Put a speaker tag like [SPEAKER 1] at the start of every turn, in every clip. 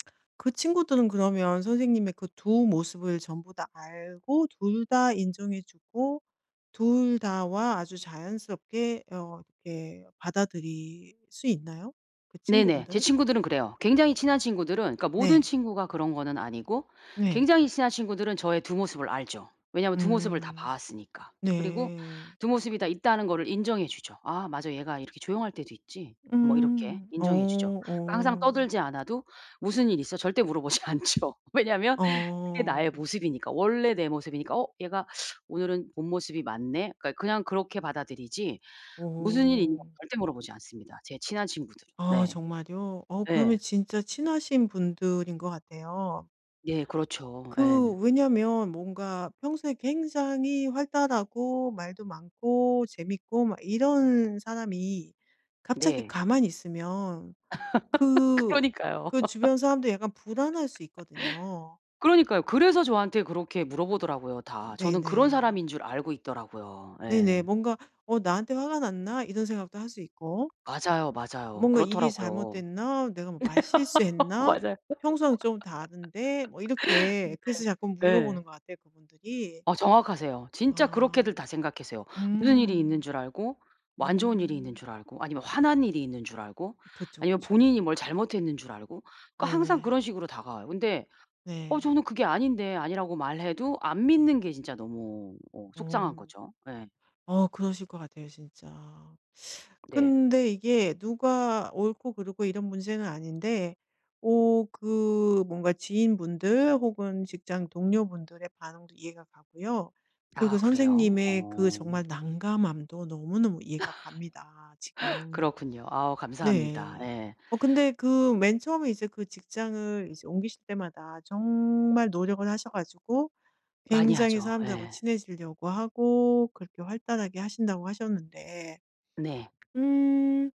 [SPEAKER 1] 그 친구들은 그러면 선생님의 그 두 모습을 전부 다 알고 둘 다 인정해 주고 둘 다와 아주 자연스럽게 어 이렇게 받아들일 수 있나요, 그
[SPEAKER 2] 네네. 제
[SPEAKER 1] 친구분들은?
[SPEAKER 2] 친구들은 그래요. 굉장히 친한 친구들은 그러니까 모든
[SPEAKER 1] 네.
[SPEAKER 2] 친구가 그런 거는 아니고
[SPEAKER 1] 네.
[SPEAKER 2] 굉장히 친한 친구들은 저의 두 모습을 알죠. 왜냐면 두 모습을 다
[SPEAKER 1] 음.
[SPEAKER 2] 봐왔으니까. 그리고
[SPEAKER 1] 네.
[SPEAKER 2] 두 모습이 다 있다는 거를 인정해 주죠. '아 맞아. 얘가 이렇게 조용할 때도 있지.' 뭐 이렇게
[SPEAKER 1] 음. 어
[SPEAKER 2] 인정해 주죠. 그 항상
[SPEAKER 1] 어.
[SPEAKER 2] 떠들지 않아도 "무슨 일 있어?" 절대 물어보지 않죠. 왜냐면 그게 나의
[SPEAKER 1] 어.
[SPEAKER 2] 모습이니까. 원래 내 모습이니까. '어 얘가 오늘은 본모습이 맞네.' 그러니까 그냥 그렇게 받아들이지 무슨 일이 있냐고
[SPEAKER 1] 어.
[SPEAKER 2] 절대 물어보지 않습니다, 제 친한 친구들은.
[SPEAKER 1] 아
[SPEAKER 2] 네.
[SPEAKER 1] 정말요? 어 그러면
[SPEAKER 2] 네.
[SPEAKER 1] 진짜 친하신 분들인 것 같아요.
[SPEAKER 2] 네. 그렇죠. 예.
[SPEAKER 1] 그 왜냐면 뭔가 평소에 굉장히 활달하고 말도 많고 재밌고 막 이런 사람이 갑자기
[SPEAKER 2] 네.
[SPEAKER 1] 가만히 있으면 그
[SPEAKER 2] 그러니까요.
[SPEAKER 1] 그 주변 사람들도 약간 불안할 수 있거든요.
[SPEAKER 2] 그러니까요. 그래서 저한테 그렇게 물어보더라고요, 다. 저는 그런
[SPEAKER 1] 네네.
[SPEAKER 2] 사람인 줄 알고 있더라고요. 예.
[SPEAKER 1] 네네. 뭔가 '어 나한테 화가 났나?' 이런 생각도 할 수 있고.
[SPEAKER 2] 맞아요, 맞아요.
[SPEAKER 1] '뭔가 일이
[SPEAKER 2] 그렇더라고요.
[SPEAKER 1] 잘못됐나? 내가 뭐 말실수했나?
[SPEAKER 2] 맞아요.
[SPEAKER 1] 평소랑 좀 다른데.' 뭐 이렇게 그래서 자꾸
[SPEAKER 2] 네. 네.
[SPEAKER 1] 물어보는 것 같아요, 그분들이.
[SPEAKER 2] 어 정확하세요. 진짜
[SPEAKER 1] 아.
[SPEAKER 2] 그렇게들 다 생각하세요. 무슨 일이 있는
[SPEAKER 1] 음.
[SPEAKER 2] 줄 알고 뭐 안 좋은 일이 있는
[SPEAKER 1] 음.
[SPEAKER 2] 줄 알고 아니면 화난 일이 있는 줄 알고
[SPEAKER 1] 그쵸,
[SPEAKER 2] 아니면
[SPEAKER 1] 그쵸.
[SPEAKER 2] 본인이 뭘 잘못했는 줄 알고 그러니까 항상
[SPEAKER 1] 네네.
[SPEAKER 2] 그런 식으로 다가와요. 근데 어
[SPEAKER 1] 네.
[SPEAKER 2] 저는 그게 아닌데 아니라고 말해도 안 믿는 게 진짜 너무 어 속상한
[SPEAKER 1] 어.
[SPEAKER 2] 거죠. 예.
[SPEAKER 1] 어 그러실 것 같아요, 진짜.
[SPEAKER 2] 네.
[SPEAKER 1] 근데 이게 누가 옳고 그르고 이런 문제는 아닌데 어 그 뭔가 지인분들 혹은 직장 동료분들의 반응도 이해가 가고요. 그리고
[SPEAKER 2] 아 그래요?
[SPEAKER 1] 선생님의 그
[SPEAKER 2] 어.
[SPEAKER 1] 정말 난감함도 너무너무 이해가 갑니다, 지금.
[SPEAKER 2] 그렇군요. 아 감사합니다.
[SPEAKER 1] 네.
[SPEAKER 2] 예.
[SPEAKER 1] 어 근데 그 맨 처음에 이제 그 직장을 이제 옮기실 때마다 정말 노력을 하셔 가지고
[SPEAKER 2] 많이
[SPEAKER 1] 굉장히
[SPEAKER 2] 하죠.
[SPEAKER 1] 사람들하고
[SPEAKER 2] 예.
[SPEAKER 1] 친해지려고 하고 그렇게 활달하게 하신다고 하셨는데
[SPEAKER 2] 네.
[SPEAKER 1] 음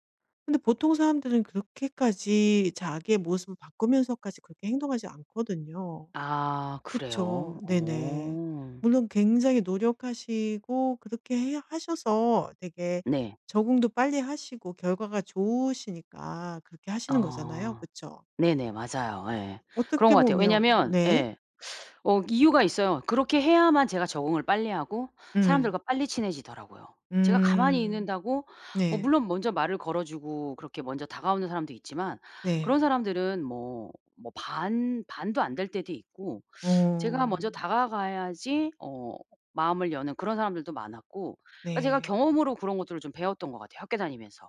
[SPEAKER 1] 근데 보통 사람들은 그렇게까지 자기의 모습을 바꾸면서까지 그렇게 행동하지 않거든요.
[SPEAKER 2] 아
[SPEAKER 1] 그쵸.
[SPEAKER 2] 그래요?
[SPEAKER 1] 네네.
[SPEAKER 2] 어.
[SPEAKER 1] 물론 굉장히 노력하시고 그렇게 해 하셔서 되게
[SPEAKER 2] 네.
[SPEAKER 1] 적응도 빨리 하시고 결과가 좋으시니까 그렇게 하시는 거잖아요.
[SPEAKER 2] 어.
[SPEAKER 1] 그쵸.
[SPEAKER 2] 네네 맞아요. 예. 그런
[SPEAKER 1] 어떻게
[SPEAKER 2] 것 같아요.
[SPEAKER 1] 보면
[SPEAKER 2] 왜냐면
[SPEAKER 1] 네.
[SPEAKER 2] 예 어 이유가 있어요. 그렇게 해야만 제가 적응을 빨리 하고 사람들과
[SPEAKER 1] 음.
[SPEAKER 2] 빨리 친해지더라고요. 제가 가만히
[SPEAKER 1] 음.
[SPEAKER 2] 있는다고 어
[SPEAKER 1] 네.
[SPEAKER 2] 물론 먼저 말을 걸어주고 그렇게 먼저 다가오는 사람도 있지만 그런
[SPEAKER 1] 네.
[SPEAKER 2] 사람들은 뭐 뭐 반 반도 안 될 때도 있고 제가 먼저
[SPEAKER 1] 어.
[SPEAKER 2] 다가가야지 어 마음을 여는 그런 사람들도 많았고 아 제가
[SPEAKER 1] 네.
[SPEAKER 2] 경험으로 그런 것들을 좀 배웠던 것 같아요, 학교 다니면서.